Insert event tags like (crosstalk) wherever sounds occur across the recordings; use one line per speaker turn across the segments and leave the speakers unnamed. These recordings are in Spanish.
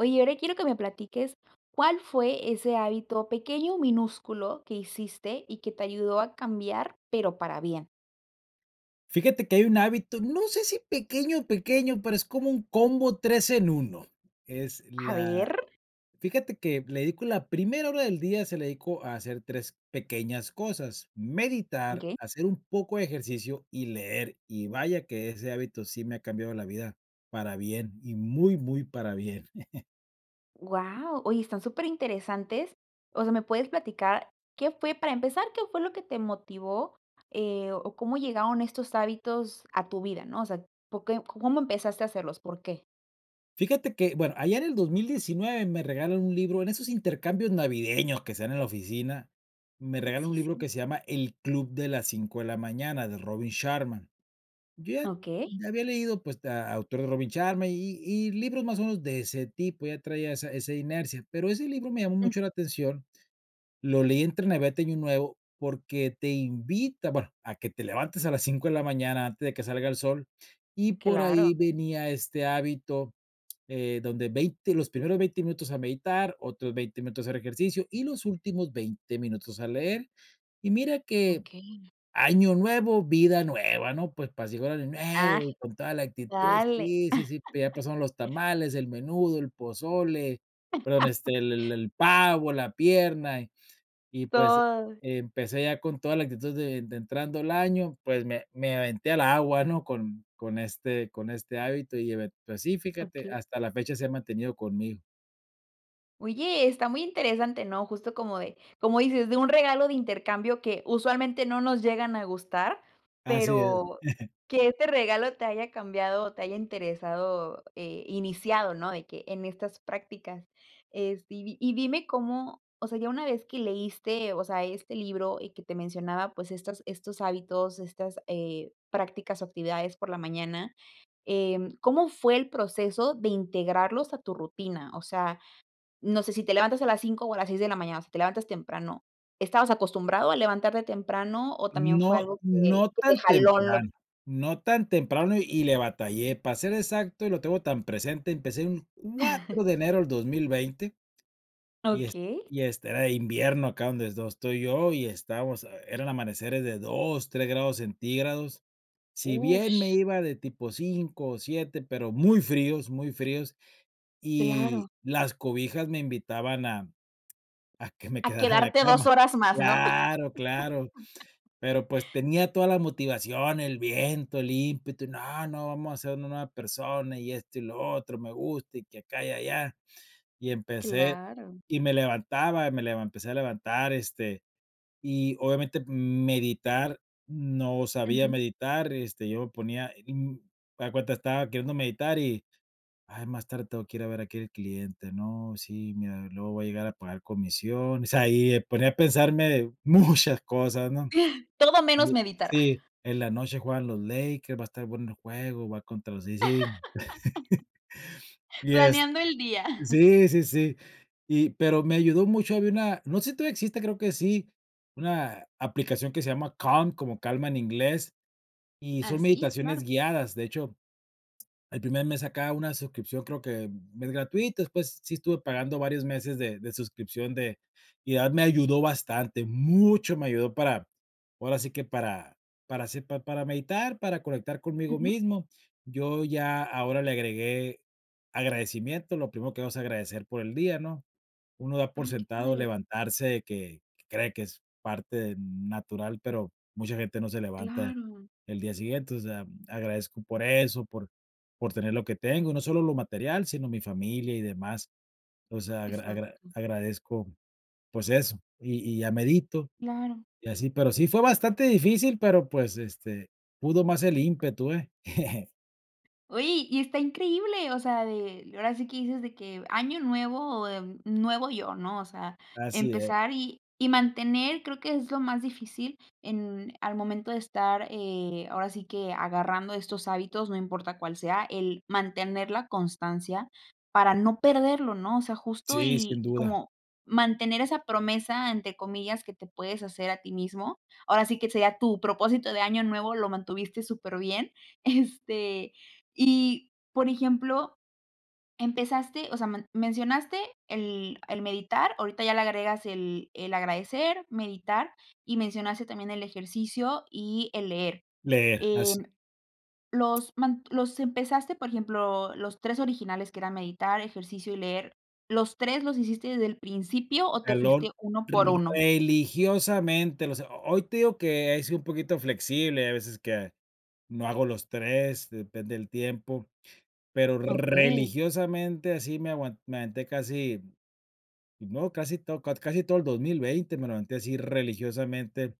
Oye, ahora quiero que me platiques cuál fue ese hábito pequeño minúsculo que hiciste y que te ayudó a cambiar, pero para bien.
Fíjate que hay un hábito, no sé si pequeño pequeño, pero es como un combo 3 en 1, es
A
la
ver.
fíjate que le dedico la primera hora del día, se la dedico a hacer 3 pequeñas cosas: meditar,
Okey.
hacer un poco de ejercicio y leer, y vaya que ese hábito sí me ha cambiado la vida para bien y muy, muy para bien. (laughs)
Guau, oye, están superinteresantes, o sea, ¿me puedes platicar qué fue para empezar, qué fue lo que te motivó, eh, o cómo llegaron estos hábitos a tu vida, no? O sea, po que ¿cómo empezaste a hacerlos? ¿Por qué?
Fíjate que, bueno, allá en el 2019 me regalan un libro, en esos intercambios navideños que se dan en la oficina, me regalan
Así,
un libro
sí.
que se llama El club de las cinco de la mañana, de Robin Sharma. Yo
Okey.
ya había leído, pues a autor de Robin Sharma y y y libros más o menos de ese tipo, ya traía esa esa inercia, pero ese libro me llamó
Mm.
mucho la atención, lo leí entre Navidad y Año Nuevo, porque te invita, bueno, a que te levantes a las 5 de la mañana antes de que salga el sol, y por ahí
Claro.
venía este hábito, eh, donde 20, los primeros 20 minutos a meditar, otros 20 minutos a hacer ejercicio, y los últimos 20 minutos a leer. Y mira que
Okey.
año nuevo, vida nueva, ¿no? Pues,
Ah,
(unintelligible) y con toda la actitud,
dale.
sí, sí, sí, pero ya pasaron los
(laughs)
tamales, el menudo, el pozole, perdón, este, el el
(laughs)
el pavo, la pierna, y y pues
Todo.
empecé ya con toda la actitud de de entrando el año, pues, me me aventé al agua, ¿no? Con con este con este hábito y eve pues sí, fíjate,
Okey.
hasta la fecha se ha mantenido conmigo.
Oye, está muy interesante, ¿no? Justo como de como dices, de un regalo de intercambio que usualmente no nos llegan a gustar,
Así es.
pero,
(chuckles)
que este regalo te haya cambiado o te haya interesado eh iniciado, ¿no? De que en estas prácticas. Este, y di y dime cómo, o sea, ya una vez que leíste, o sea, este libro y que te mencionaba, pues, estas estos hábitos, estas, eh, prácticas o actividades por la mañana, em, ¿cómo fue el proceso de integrarlos a tu rutina? O sea, no sé si te levantas a las 5 o a las 6 de la mañana, si te levantas temprano, ¿estabas acostumbrado a levantarte temprano o también fue
No
algo que,
no
que te
tan
jaló lo?
temprano, no tan temprano y le batallé para ser exacto y lo tengo tan presente, empecé un
(chuckles)
4 de enero del 2020 y est
Okey.
y este era invierno acá donde dos estoy yo y estábamos, eh, eran amaneceres de 2, 3 grados centígrados. Si bien me
Ush.
iba de tipo 5 o 7, pero muy fríos, muy fríos y
Claro.
las cobijas me invitaban a a que me
A
quedara en la
quedarte 2
cama.
horas más, ¿no? (laughs)
Claro, claro. Pero, pues, tenía toda la motivación, el viento, el ímpetu y no, no, vamos a hacer una nueva persona y esto y lo otro, me gusta y que acá y allá. Y empecé
Claro.
y me levantaba, me levan me empecé a levantar, este, y obviamente, m meditar, no sabía
Ujú.
meditar, este, yo me ponía, mm, haz de cuenta estaba queriendo meditar y: "Ay, más tarde tengo que ir a ver a aquel al cliente, no sí, mira, luego voy a llegar a pagar comisión", o sea, ahí y me ponía a pensarme muchas cosas, ¿no?
(chuckles) Todo menos
(unintelligible)
meditar.
sí,
(chuckles)
en la noche juegan los Lakers, va a estar bueno el juego, va contra los sí, sí. (chuckles)
(laughs)
Y est
Planeando el día. (chuckles)
sí, sí, sí y pero me ayudó mucho, había una, no sé si todavía existe, creo que sí, una aplicación que se llama Calm, como calma en inglés, y son
Así, claro.
meditaciones guiadas. De hecho, el primer mes sacaba una suscripción creo que mes gratuito, después sí estuve pagando varios meses de de suscripción de y de verdad me ayudó bastante, mucho me ayudó para, ahora sí que para para hacer pa para meditar, para conectar conmigo
Ujú.
mismo. Yo ya ahora le agregué agradecimiento, lo primero que vamos a agradecer por el día, ¿no? Uno da por
Ah, qué
sentado
padre.
levantarse que que cree que es parte natural, pero mucha gente no se levanta
Claro.
el día siguiente, o sea, agradezco por eso, por por tener lo que tengo, no solo lo material, sino mi familia y demás. O sea, agra agra
Exacto.
agradezco, pues eso, y y ya medito,
Claro.
y así, pero sí fue bastante difícil, pero, pues, este, pudo más el ímpetu, ¿eh? (chuckles)
¡Oye y está increíble! O sea de ahora sí que dices de que año nuevo, em, nuevo yo, ¿no? O sea
Así es.
empezar y y mantener creo que es lo más difícil en al momento de estar, eh, ahora sí que agarrando estos hábitos, no importa cuál sea, el mantener la constancia para no perderlo, ¿no? O sea justo
Sí, sin
y y
duda.
como mantener esa promesa entre comillas que te puedes hacer a ti mismo. Ahora sí que sería tu propósito de año nuevo, lo mantuviste superbién, este y por ejemplo, empezaste o sea man mencionaste el el meditar, ahorita ya le agregas el el agradecer, meditar y mencionaste también el ejercicio y el leer.
Leer, así.
Em, los man los empezaste, por ejemplo, los 3 originales que eran meditar, ejercicio y leer, ¿los 3 los hiciste desde el principio o te
Jalón,
fuiste uno por uno?
religiosamente, o sea, ho hoy te digo que he sido un poquito flexible, hay veces que, no hago los 3, depende del tiempo, pero
Okey.
religiosamente así me aguan me aventé casi, no, casi to cat casi todo el 2020, me levanté así religiosamente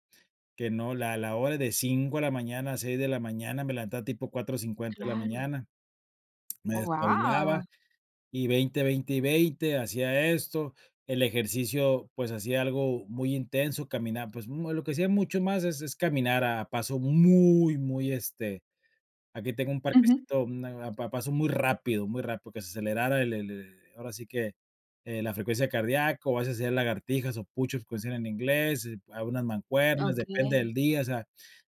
que no, la la hora de 5 de la mañana a 6 de la mañana, me levantaba tipo 4:50 de la
Claro.
mañana, me
Oh,
despabilaba
¡Guau!
y 20, 20 y 20 hacía esto. El ejercicio, pues, hacía algo muy intenso, caminaba, pues, mm, lo que hacía mucho más es es caminar a paso muy, muy, este, aquí tengo un
Ujú.
parquecito, mm, a a pa paso muy rápido, muy rápido, que se acelerara el le le ahora sí que eh la frecuencia cardíaco, o a veces hacía lagartijas o push ups, como se llaman en inglés, eh, algunas mancuernas, depende
Okey.
del día, o sea,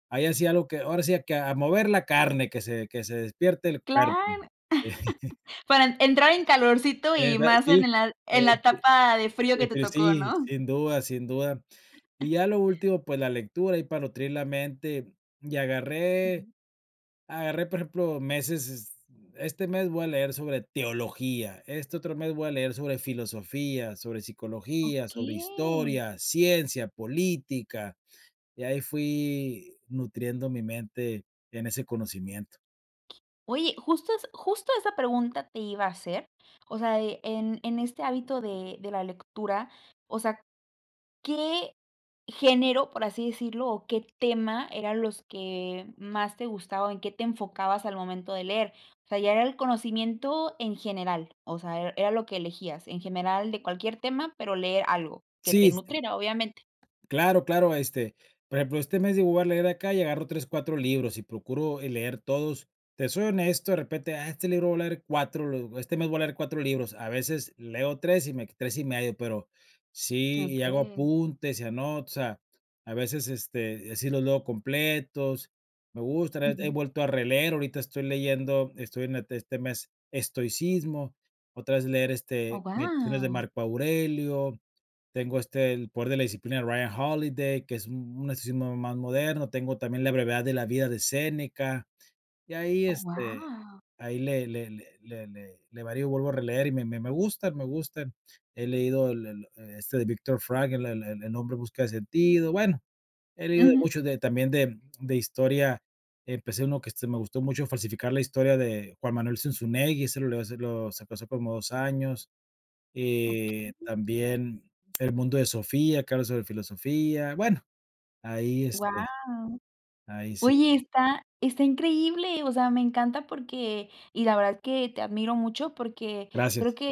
ahí hacía algo que, ahora sí que: "A mover la carne que se que se despierte el
Cla
cuerpo".
(chuckles)
(chuckles)
para en entrar en calorcito
Eh,
y
da
más en
sí,
el al
eh
en
eh,
la
d
etapa de frío que te
defini
tocó,
sí,
¿no?
sin duda, sin duda. Y
(chuckles)
ya lo último, pues, la lectura, ahí para nutrir la mente, y agarré,
Ujú.
agarré, por ejemplo, meses, es este mes voy a leer sobre teología, este otro mes voy a leer sobre filosofía, sobre psicología, sobre
Okey.
historia, ciencia, política, y ahí fui nutriendo mi mente, en ese conocimiento.
Oye, justo es justo esa pregunta te iba a hacer, o sea de, en en este hábito de de la lectura, o sea, ¿qué género, por así decirlo, o qué tema eran los que más te gustaba, o en qué te enfocabas al momento de leer? O sea, ya era el conocimiento en general, o sea, er era lo que elegías, en general de cualquier tema, pero leer algo que
Sí
te
s el.
nutriera, obviamente.
Claro, claro, este, por ejemplo, este mes digo voy a leer acá y agarro 3, 4 libros y procuro, eh, leer todos. Te soy honesto, de repente: "Ah, este libro voy a leer 4, lo este mes voy a leer 4 libros. A veces leo 3 y me q 3 y medio, pero sí, y hago
Okey.
apuntes, y anoto. O sea, a veces, este, eh, sí los leo completos. Me gusta, re he
Ujú.
vuelto a releer, ahorita estoy leyendo, estoy en ete este mes estoicismo, otra vez leer,
Oh,
este, Meditaciones de
¡guau!
Marco Aurelio, tengo este El Poder de la Disciplina de Ryan Holiday, que es un un estilo más moderno, tengo también La Brevedad de la Vida de Séneca. Y ahí,
Oh,
este,
¡guau!
ahí le le le le le le varío, y le vuelvo a releer y me me me gusta, me gustan, he leído el el e este de Viktor Frankl, el el El Hombre En Busca de Sentido, bueno, he leído de
Ujú.
muchos de también de de historia, empecé uno que este me gustó mucho, Falsificar la historia de Juan Manuel Zunzunegui, ese lo eso lo sacó hace como 2 años, y
Okey.
también El Mundo de Sofía, que habla sobre filosofía, bueno, ahí,
¡Guau!
este, ahí sí
Oye, está, ¡está increíble! O sea, me encanta porque y la verdad es que te admiro mucho porque creo
Gracias.
que, eh,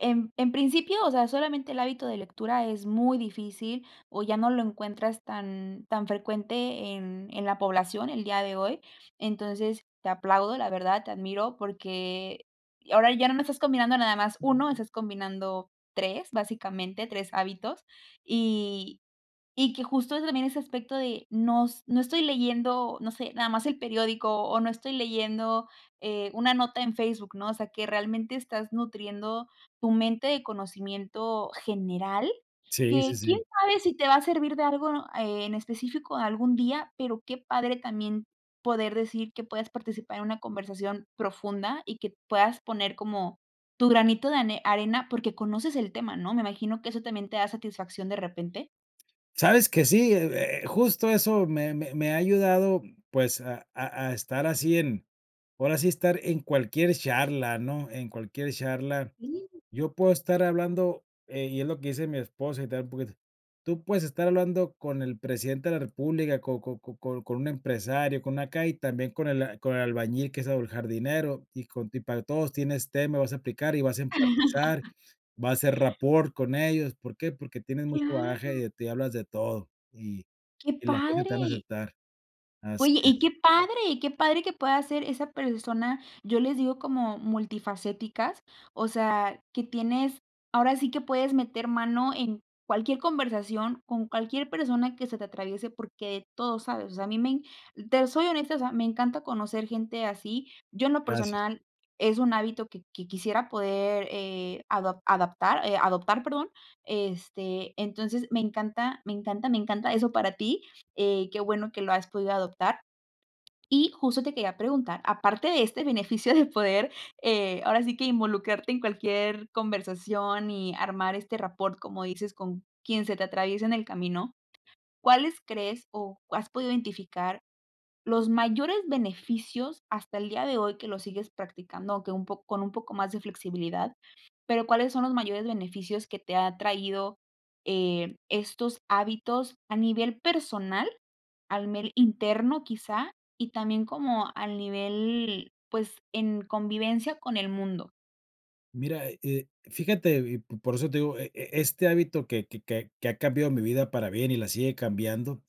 en en principio, o sea, solamente el hábito de lectura es muy difícil o ya no lo encuentras tan tan frecuente en en la población el día de hoy. Entonces, te aplaudo, la verdad, te admiro porque ahora ya no me estás combinando nada más 1, estás combinando 3 básicamente, 3 hábitos y y que justo ese también ese aspecto de no s no estoy leyendo, no sé, nada más el periódico o no estoy leyendo, eh, una nota en Facebook, ¿no? O sea que realmente estás nutriendo tu mente de conocimiento general,
Sí, sí,
que
sí.
quién sabe si te va a servir de algo, eh, en específico algún día, pero qué padre también poder decir que puedas participar en una conversación profunda y que puedas poner como tu granito de ane arena porque conoces el tema, ¿no? ¿Me imagino que eso también te da satisfacción de repente?
Sabes que sí, eh eh, justo eso me me me ha ayudado, pues, a a a estar así en ahora sí estar en cualquier charla, ¿no?, en cualquier charla.
Sí.
Yo puedo estar hablando, eh, y es lo que dice mi esposa, y tal poquito: "Tú puedes estar hablando con el presidente de la república, con con con con con un empresario, con una calle, también con el con el albañil que es o el jardinero, y con ti para todos tienes tema, vas a aplicar, y vas a empatizar,
(laughs)
vas a hacer rapport con ellos, ¿por qué? Porque tienes mucho
Claro.
bagaje, y hablas de todo, y
¡Qué
y la gente te van a
padre!
aceptar". Así
Oye, y
es.
qué padre qué padre que puedas ser esa persona, yo les digo como multifacéticas. O sea, que tienes ahora sí que puedes meter mano en cualquier conversación, con cualquier persona que se te atraviese, porque todo sabes, o sea, a mí me en te soy honesta, o sea, me encanta conocer gente así, yo en lo
Gracias.
personal es un hábito que que quisiera poder, eh, adop adaptar, eh, adoptar, perdón, este, entonces me encanta, me encanta, me encanta eso para ti, eh, qué bueno que lo has podido adoptar. Y justo te quería preguntar, aparte de este beneficio de poder, eh, ahora sí que involucrarte en cualquier conversación y armar este rapport, como dices, con quien se te atraviesa en el camino, ¿cuáles crees, o has podido identificar los mayores beneficios hasta el día de hoy, que lo sigues practicando? Aunque un po con un poco más de flexibilidad, pero, ¿cuáles son los mayores beneficios que te ha traído, eh, estos hábitos a nivel personal, a nivel interno, quizá, y también como al nivel, pues, en convivencia con el mundo?
Mira, eh, fíjate, y p por eso te digo, e e este hábito que que que que ha cambiado mi vida para bien, y la sigue cambiando,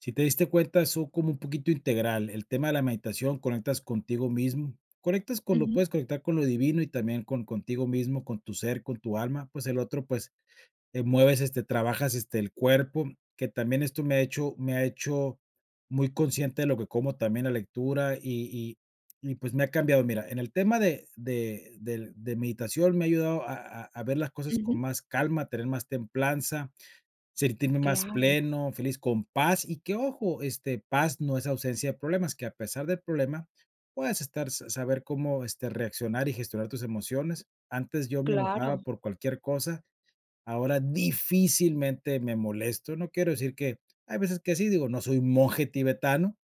si te diste cuenta, son como un poquito integral el tema de la meditación, conectas contigo mismo, conectas con lo
Ujú.
puedes conectar con lo divino y también con contigo mismo, con tu ser, con tu alma, pues, el otro, pues, eh, mueves, este, trabajas, este, el cuerpo, que también esto me ha hecho me ha hecho muy consciente de lo que como. También la lectura, y y y, pues, me ha cambiado. Mira, en el tema de de del de meditación, me ha ayudado a a a ver las cosas
Ujú.
con más calma, tener más templanza, sentirme más
Claro.
pleno, feliz, con paz, y que, ojo, este, paz no es ausencia de problemas, que, a pesar del problema, puedes estar sa saber cómo, este, reaccionar y gestionar tus emociones. Antes, yo me
Claro.
enojaba por cualquier cosa, ahora, difícilmente me molesto, no quiero decir que hay veces que sí, digo, no soy un monje tibetano,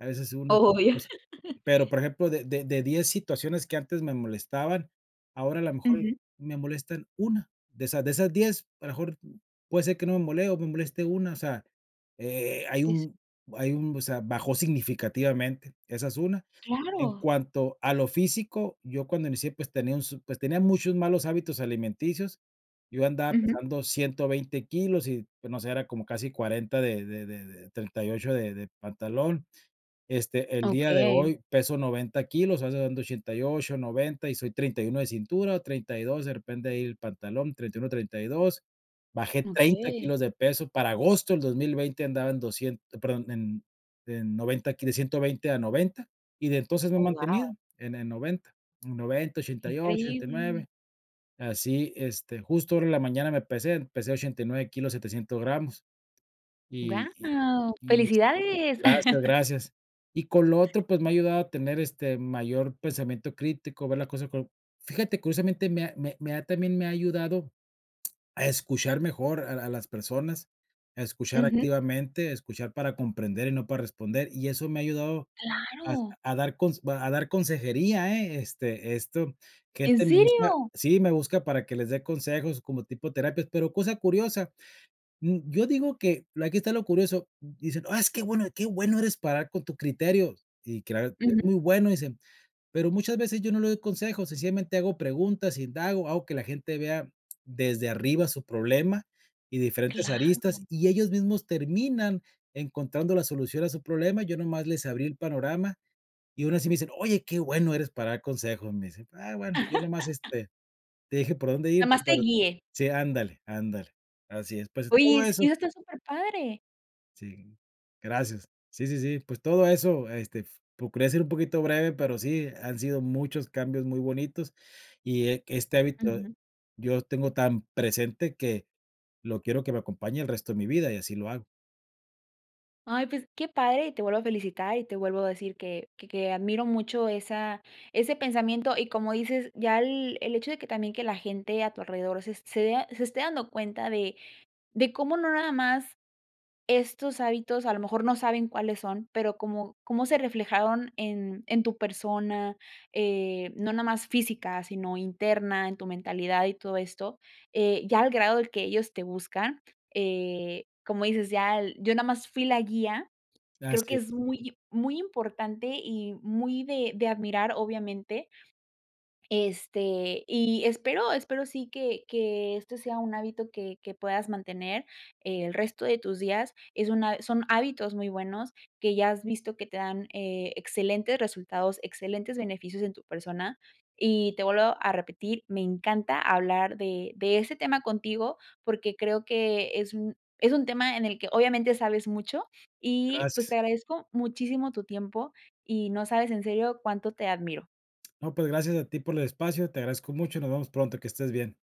a veces una que otra
Obvio.
cosa.
(chuckles)
Pero, por ejemplo, de de de 10 situaciones que antes me molestaban, ahora, a la mejor y
Ujú.
me molestan 1, de esas de esas 10, a lo mejor, puede ser que no me mole o me moleste una. O sea, eh, hay
Eso.
un hay un, o sea, bajó significativamente, esa es una. En
Claro.
cuanto a lo físico, yo cuando inicié, pues, tenía un su pues, tenía muchos malos hábitos alimenticios, yo andaba
Ujú.
pesando 120 kilos y, pues, no sé, era como casi 40 de de de de 38 de de pantalón. Este, el día de
Okey.
hoy, peso 90 kilos, ando dando 88, 90, y soy 31 de cintura, 32, de repente, ahí el pantalón, 31, 32. Bajé 30
Okey.
kilos de peso. Para agosto del 2020 andaba en doscien perdón, en en 90 ki de 120 a 90, y, de entonces, me he
Oh,
mantenido
guau.
en en 90, en noventa,
Qué
ochenta y ocho, ochenta y
increíble.
nueve. Así, este, justo ahora en la mañana me pesé, pesé 89 kilos, 700 gramos, y y
¡Guau,
y est
felicidades!
gracias,
(chuckles)
gracias. Y, con lo otro, pues, me ha ayudado a tener, este, mayor pensamiento crítico, ver la cosa con fíjate, curiosamente, me ha me me ha también me ha ayudado (clicks tongue) a escuchar mejor a la las personas, a escuchar
Ujú.
activamente, escuchar para comprender y no para responder, y eso me ha ayudado a
Claro.
a dar cons a dar consejería, eh, este esto,
¡¿En
gente me busca,
serio?!
sí, me busca para que les dé consejos como tipo terapias. Pero, cosa curiosa, mm, yo digo que, aquí está lo curioso, dicen: "ah, es que bueno, que bueno eres para ayudar con tu criterio" y claro, "es
Ujú.
muy bueno", dicen. Pero, muchas veces, yo no le doy consejos, sencillamente hago preguntas, indago, hago que la gente vea desde arriba su problema y de diferentes aristas,
Claro.
y ellos mismos terminan encontrando la solución a su problema, yo nomás les abrí el panorama, y, aun así, me dicen: "Oye, qué bueno eres para dar consejos", me dicen, ah, bueno, yo nomás,
(laughs)
este, te dije por dónde
Nada
ir,
más te
pero sí,
guié.
sí, ándale ándale. Así es, pues,
Oye,
todo
es
eso.
eso está superpadre.
Sí, gracias. Sí, sí, sí. Pues, todo eso, este, f procurare ser un poquito breve, pero sí, han sido muchos cambios muy bonitos. Y que este hábito
Ujú.
yo lo tengo tan presente que lo quiero que me acompañe el resto de mi vida y así lo hago.
Ay, pues qué padre, y te vuelvo a felicitar, y te vuelvo a decir que que que admiro mucho esa ese pensamiento, y como dices ya el el hecho de que también que la gente a tu alrededor se se vea se esté dando cuenta de de cómo no nada más estos hábitos a lo mejor no saben cuáles son, pero, como cómo se reflejaron en en tu persona, eh, no nada más física, sino interna, en tu mentalidad y todo esto, eh, ya el grado del que ellos te buscan, eh, como dices, ya yo nada más fui la guía, creo que
Gracias.
es muy muy importante y muy de de admirar obviamente este, y espero espero sí que que este sea un hábito que que puedas mantener el resto de tus días. Es una son hábitos muy buenos que ya has visto que te dan, eh, excelentes resultados, excelentes beneficios en tu persona. Y te vuelvo a repetir, me encanta hablar de de ese tema contigo, porque, creo que es un es un tema en el que obviamente sabes mucho, y pues,
Gracias.
te agradezco muchísimo tu tiempo y no sabes en serio cuánto te admiro.
No, pues gracias a ti por el espacio. Te agradezco mucho, nos vemos pronto, que estés bien.